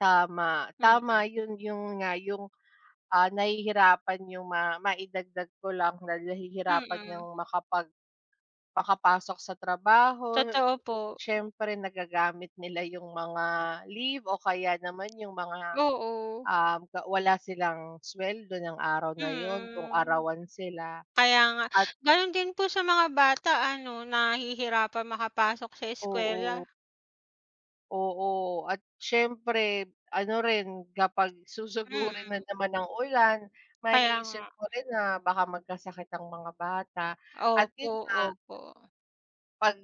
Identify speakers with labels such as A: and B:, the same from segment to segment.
A: Tama.
B: Mhm.
A: Tama 'yun, 'yun nga 'yung, ah, nahihirapan 'yung ma maidagdag ko lang na nahihirapan ngang
B: Mhm.
A: makapag makapasok sa trabaho.
B: Totoo po.
A: Siyempre nagagamit nila 'yung mga leave o kaya naman 'yung mga,
B: Oo.
A: um, ga wala silang sweldo nung araw na 'yun, kung
B: Mhm.
A: arawan sila
B: Kaya nga.
A: at
B: Ganun din po sa mga bata ano, nahihirapan makapasok sa
A: Oo.
B: eskuwela.
A: Oo, at siyempre ano rin kapag susugurin
B: Mhm.
A: na naman ng ulan
B: Kaya
A: maiisip
B: nga.
A: mo rin na baka magkasakit ang mga bata at
B: Opo,
A: 'yun nga.
B: opo.
A: Pag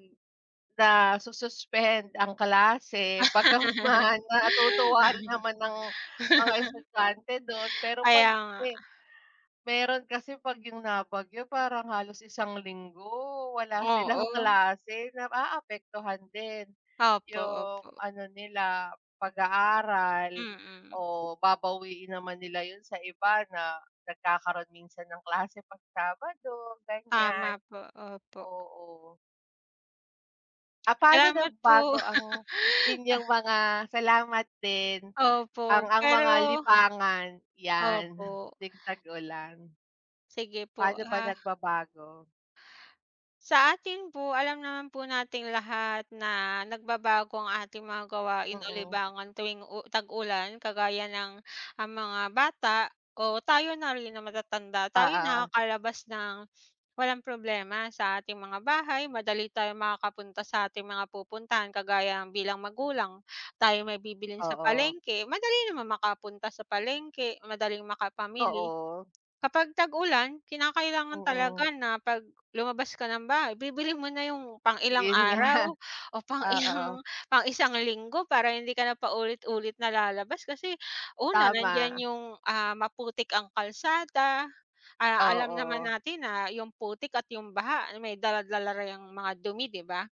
A: nasu-suspend ang klase bagamat man natutuwa rin naman ang mga estudyante dun. Pero 'pag
B: Kaya nga.
A: me meron kasi pag 'yung nabagyo parang halos isang linggo wala silang
B: Oo.
A: klase. Naaapektuhan din
B: Opo,
A: 'yung
B: opo.
A: ano nila pag-aaral
B: Mhm.
A: o babawiin naman nila 'yun sa iba na nagkakaroon minsan ng klase 'pag Sabado ganyan.
B: Tama po, opo.
A: Oo. Ah, paano
B: Salamat po.
A: nabago ang inyong mga salamat din, ang
B: Opo,
A: ang mga
B: pero
A: libangan 'yan
B: Opo.
A: tuwing tag-ulan?
B: Sige po
A: Paano ba
B: ha.
A: nagbabago?
B: Sa akin po alam naman po nating lahat na nagbabago ang ating mga gawain o
A: Mhm.
B: libangan tuwing u tag-ulan. Kagaya ng ang mga bata o tayo na rin na matatanda, tayo
A: Oo.
B: nakakalabas nang walang problema sa ating mga bahay. Madali tayo makakapunta sa ating mga pupuntahan. Kagaya bilang magulang, tayo may bibilhin sa
A: Oo.
B: palengke, madali naman makapunta sa palengke, madaling makapamili.
A: Oo.
B: Kapag tag-ulan, kinakailangan
A: Mhm.
B: talaga na 'pag lumabas ka ng bahay bibilhin mo na 'yung pang ilang
A: Yun
B: araw
A: nga.
B: o pang
A: Oo.
B: ilang, pang isang linggo para hindi ka na paulit-ulit na lalabas. Kasi una, nandiyan
A: Tama.
B: 'yung, ah, maputik ang kalsada. A alam naman
A: Oo.
B: natin na 'yung putik at 'yung baha may dala-dala na 'yang ang mga dumi 'di ba?